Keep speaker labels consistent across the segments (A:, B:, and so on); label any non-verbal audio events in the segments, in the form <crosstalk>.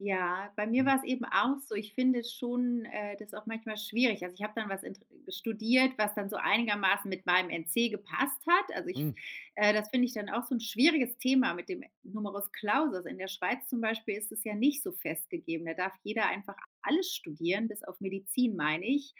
A: Ja, bei mir
B: Mhm.
A: war es eben auch so. Ich finde schon, äh, das auch manchmal schwierig. Also, ich hab dann was int studiert, was dann so einigermaßen mit meinem NC gepasst hat. Also, ich f
B: Mm.
A: äh, das finde ich dann auch so 'n schwieriges Thema mit dem Numerus Clausus. In der Schweiz zum Beispiel ist es ja nicht so festgegeben. Da darf jeder einfach alles studieren, bis auf Medizin, meine ich.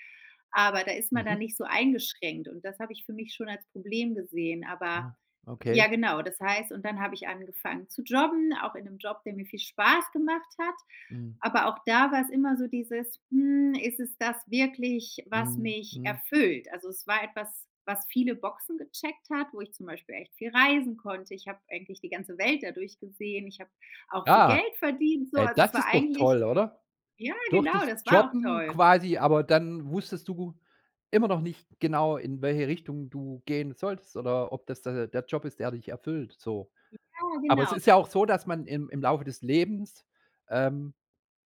A: Aber, da ist man dann
B: Mhm.
A: nicht so eingeschränkt, und das habe ich für mich schon als Problem gesehen. Aber
B: Ah. Okay.
A: ja genau, das heißt und dann hab ich angefangen zu jobben, auch in 'nem Job, der mir viel Spaß gemacht hat.
B: Mhm.
A: Aber auch da war's immer so dieses: „Hm, ist es das wirklich, was
B: Mhm.
A: mich
B: Mhm.
A: erfüllt?“ Also, es war etwas, was viele Boxen gecheckt hat, wo ich zum Beispiel echt viel reisen konnte. Ich hab eigentlich die ganze Welt dadurch gesehen. Ich hab auch viel
B: Ah,
A: Geld verdient so.
B: hey,
A: Es
B: das
A: war
B: ist doch
A: eigentlich
B: toll, oder?
A: ja,
B: Durch
A: genau,
B: das
A: das war auch
B: Jobben
A: toll.
B: quasi aber dann wusstest du immer noch nicht genau, in welche Richtung du gehen solltest, oder ob das d der der Job ist, der dich erfüllt, so.
A: Ja,
B: Aber es
A: genau,
B: ist
A: d
B: ja auch so, dass man im im Laufe des Lebens, ähm,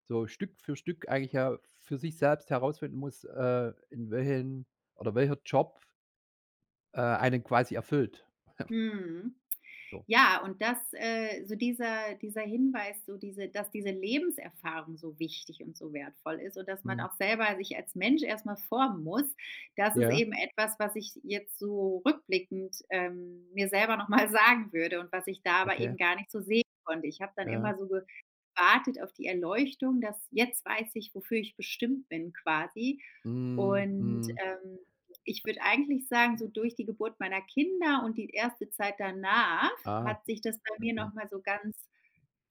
B: so Stück für Stück eigentlich ja für sich selbst herausfinden muss, äh, in welchem oder welcher Job äh, einen quasi erfüllt. <chuckles>
A: Mhm.
B: So.
A: Ja, und das, äh so dieser dieser Hinweis so diese dass diese Lebenserfahrung so wichtig und so wertvoll ist. Und dass man
B: Mhm.
A: auch selber sich als Mensch erst mal formen muss. Das ist
B: Ja.
A: eben etwas, was ich jetzt so rückblickend, ähm, mir selber noch mal sagen würde und was ich da aber eben
B: Okay.
A: gar nicht so sehen konnte. Ich hab dann
B: Ja.
A: immer so gewartet auf die Erleuchtung, das „jetzt weiß ich, wofür ich bestimmt bin” quasi.
B: Mhm.
A: Und,
B: Mhm.
A: ähm, ich würd eigentlich sagen, so durch die Geburt meiner Kinder und die erste Zeit danach
B: Ah,
A: hat sich das bei mir
B: okay.
A: noch mal so ganz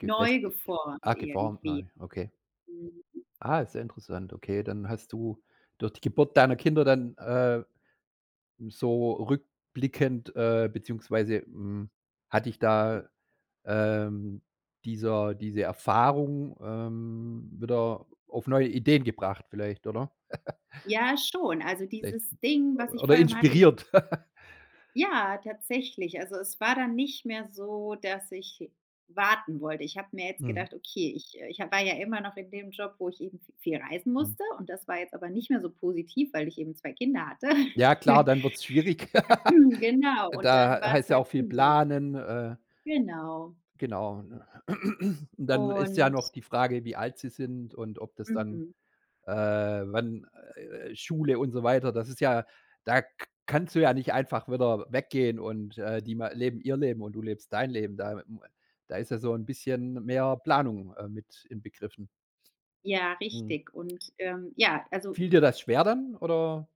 A: neu
B: Gefestigt.
A: geformt
B: Ah, geformt neu,
A: irgendwie.
B: okay.
A: Mhm.
B: Ah, ist ja interessant, okay. Dann hast du durch die Geburt deiner Kinder dann, äh, so rückblickend äh, beziehungsweise, hm, hat dich da, ähm, dieser diese Erfahrung, ähm, wieder auf neue Ideen gebracht vielleicht, oder? <giggles>
A: Ja, schon. Also
B: Vielleicht
A: dieses Ding, was
B: o
A: ich
B: oder
A: vor allem hatte, ich
B: inspiriert. <giggles>
A: Ja, tatsächlich. Also, es war dann nicht mehr so, dass ich warten wollte. Ich hab mir jetzt
B: Mhm.
A: gedacht: „Okay, ich, äh ich hab war ja immer noch in dem Job, wo ich eben vi viel reisen
B: Mhm.
A: musste, und das war jetzt aber nicht mehr so positiv, weil ich eben 2 Kinder hatte.
B: Ja klar,
A: <chuckles>
B: dann wird's schwieriger. <laughs>
A: Genau.
B: Und
A: Und dann
B: da h
A: war es
B: heißt ja
A: halt
B: auch viel
A: schon so.
B: planen. Äh
A: Genau.
B: Genau, ne? Und dann ist ja noch
A: Und
B: die Frage, wie alt sie sind und ob das dann
A: Mhm.
B: äh, wann, äh, Schule und so weiter. Das ist ja da k kannst du ja nicht einfach wieder weggehen und, äh, die ma leben ihr Leben, und du lebst dein Leben. Da m da ist ja so 'n bisschen mehr Planung, äh, mit inbegriffen.
A: Ja,
B: Mhm.
A: richtig. Und, ähm, ja, also
B: Fiel dir das schwer dann, oder